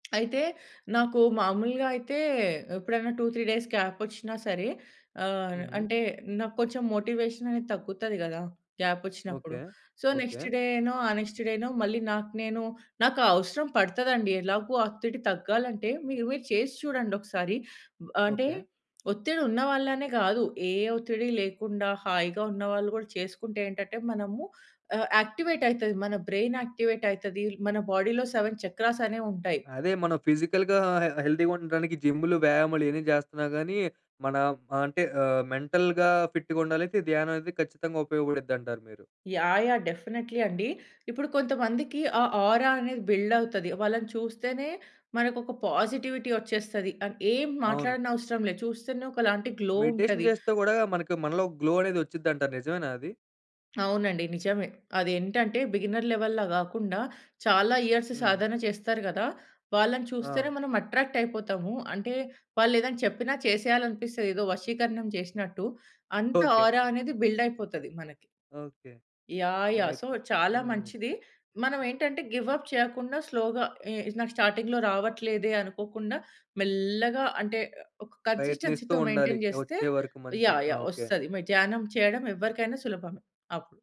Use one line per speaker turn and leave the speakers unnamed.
అయితే నాకు మామూలుగా అయితే ఎప్పుడైనా 2, 3 డేస్ గ్యాపొచ్చినా సరే ఆహ్,
హుహు.
అంటే నా కొంచెం మోటివేషననేది తగ్గుతది గదా! గ్యాపొచ్చినప్పుడు.
ఓకే.
So, next
okay.
డేనో ఆ నెక్స్ట్ డేనో మళ్ళీ నాకు నేను నాకావసరం పడతదండి ఎలాగో ఆ ఒత్తిడి తగ్గాలంటే మీరు, మీరు చేసి చూడండొకసారి. అంటే
ఓకే.
ఒత్తిడి ఉన్న వాళ్ళనే గాదు. ఏ ఒత్తిడి లేకుండా హాయిగా ఉన్నవాళ్లు గూడా చేసుకుంటే ఏంటటే మనము ఆహ్, యాక్టివేట్ అయితది మన బ్రెయిన్ యాక్టివేట్ అయితది. మన బాడీలో 7 చక్రాస్ అనేవుంటాయి.
అదే మనం ఫిజికల్‌గా హె హెల్దీగా ఉండటానికి జిమ్ములు వ్యాయామాలు ఇయన్నీ జేస్తున్నా గానీ మన ఆహ్, అంటే మెంటల్‌గా ఫిట్‌గా ఉండాలైతే ధ్యానం అనేది ఖచ్చితంగా ఉపయోగపడుద్దంటారు మీరు.
యాహ్! యాహ్! డెఫినెట్‌లీ అండి. ఇప్పుడు కొంతమందికి ఆ ఆరా అనేది బిల్డవుతది. వాళ్ళని చూస్తేనే మనకొక పాజిటివిటీ వచ్చేస్తది. అన్ ఏం
అవును.
మాట్లాడనవసరం లే. చూస్తేనే ఒకలాంటి గ్లో
మెడిటేషన్
ఉంటది.
చేస్తే గూడా మనకు మనలో గ్లో అనేది వచ్చుద్దంటారు నిజమేనా అది?
అవునండి. నిజమే. అదేంటంటే బిగినర్ లెవెల్‌లా గాకుండా చాలా ఇయర్స్
హ్మ్.
సాధన చేస్తారు గదా! వాళ్ళని చూస్తేనే
ఆ!
మనం అట్రాక్ట్ అయిపోతాము. అంటే వాళ్ళేదైనా చెప్పిన చేసేయాలనిపిస్తది ఏదో వశీకరణం జేసినట్టు. అంత
ఓకే.
ఆరా అనేది బిల్డయిపోతది మనకి.
ఓకే.
యాహ్! యాహ్!
అయి
సో చాలా
హ్మ్.
మంచిది. మనం ఏంటంటే గివ్ అప్ చేయకుండా స్లోగా ఇ ఇది నాకు స్టార్టింగ్‌లో రావట్లేదే అనుకోకుండా మెల్లగా అంటే ఒ ఒక
ప్రయత్నిస్తూ
కన్సిస్టెన్సీతో
ఉండాలి
మెయింటైన్ జేస్తే
వచ్చే వరకు మంచిగా.
యాహ్!
ఆ!
యాహ్!
ఓకే.
వస్తది మ ధ్యానం చేయడం ఎవ్వరికైనా సులభమే అవును.